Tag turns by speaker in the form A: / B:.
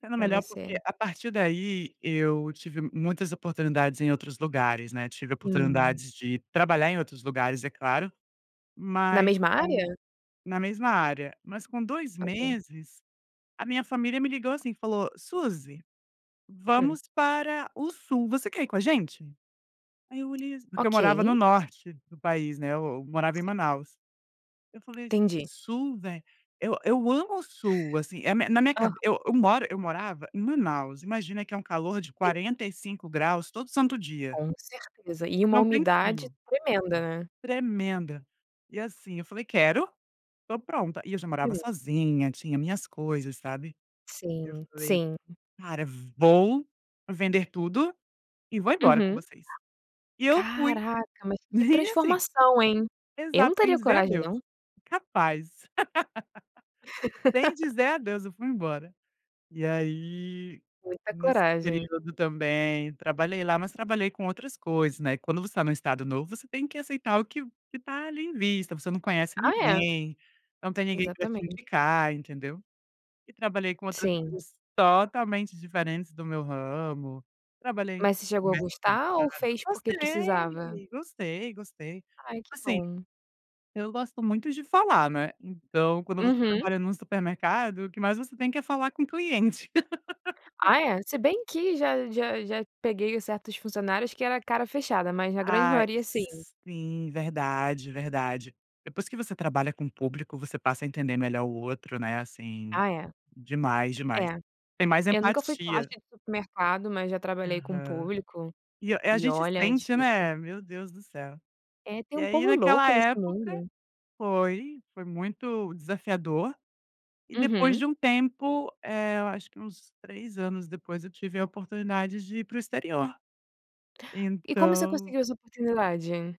A: Sendo
B: Para
A: melhor, porque
B: você.
A: a partir daí, eu tive muitas oportunidades em outros lugares, né. Tive
B: Hum.
A: oportunidades de trabalhar em outros lugares, é claro,
B: Na
A: mas
B: mesma
A: com
B: área?
A: na mesma área. Mas com 2
B: Ok.
A: meses, a minha família me ligou, assim, e falou: "Susi,
B: Hum.
A: vamos para o Sul, você quer ir com a gente?". Aí eu olhei assim porque eu morava no
B: Ok.
A: Norte do país, né, eu eu morava em
B: Si
A: Manaus. Eu falei assim:
B: Entendi.
A: "Sul, vé eu eu amo o Sul", assim, é mi na minha
B: Aham.
A: cabe eu eu moro eu morava em Manaus, imagina que é um calor de
B: Sim.
A: 45 graus todo santo dia.
B: Com certeza. E uma
A: Não tem
B: umidade
A: frio.
B: tremenda, né.
A: Tremenda. E assim, eu falei: "Quero. Estou pronta", e eu já morava
B: Sim.
A: sozinha, tinha minhas coisas, sabe. Eu
B: Sim,
A: falei:
B: sim.
A: "Cara, vou vender tudo e vou embora com
B: Uhum.
A: vocês". E eu fui.
B: Caraca, mas que
A: E assim
B: transformação, hein. Eu não
A: exato, sem
B: teria
A: dizer
B: coragem
A: adeus.
B: não.
A: Incapaz. Sem dizer adeus, eu fui embora. E aí,
B: Muita
A: nesse
B: coragem.
A: período também, trabalhei lá, mas trabalhei com outras coisas, né. Quando você está num Estado novo, você tem que aceitar o que o que está ali, em vista. Você não conhece
B: Ah é.
A: ninguém, não tem ninguém pra te
B: Exatamente.
A: indicar, entendeu. E trabalhei com outras
B: Sim.
A: coisas totalmente diferentes do meu ramo. Trabalhei em
B: Mas você chegou a
A: supermercado.
B: gostar, ou fez porque precisava?
A: Gostei. Gostei, gostei.
B: Ai, que
A: Assim,
B: bom.
A: eu gosto muito de falar, né, então quando você
B: Uhum.
A: trabalha num supermercado, o que mais você tem que é falar com o cliente.
B: Ah é. Se bem que já já já peguei certos funcionários, que era cara fechada, mas na grande
A: Ai,
B: maioria, sim.
A: sim, verdade, verdade. Depois que você trabalha com público, você passa a entender melhor o outro, né, assim,
B: Ah é.
A: demais, demais.
B: É.
A: Tem mais
B: Eu nunca fui caixa
A: empatia.
B: de supermercado, mas já trabalhei com
A: Aham.
B: público,
A: E a, eh,
B: e
A: gente
B: olha, é
A: sente,
B: difícil.
A: né. Meu Deus do céu.
B: É, tem
A: E
B: um
A: aí
B: povo
A: naquela
B: louco nesse
A: época,
B: mundo.
A: foi foi muito desafiador. E depois
B: Uhum.
A: de um tempo, eh, eu acho que uns 3 anos depois, eu tive a oportunidade de ir para o exterior.
B: E como você
A: Então
B: conseguiu essa oportunidade?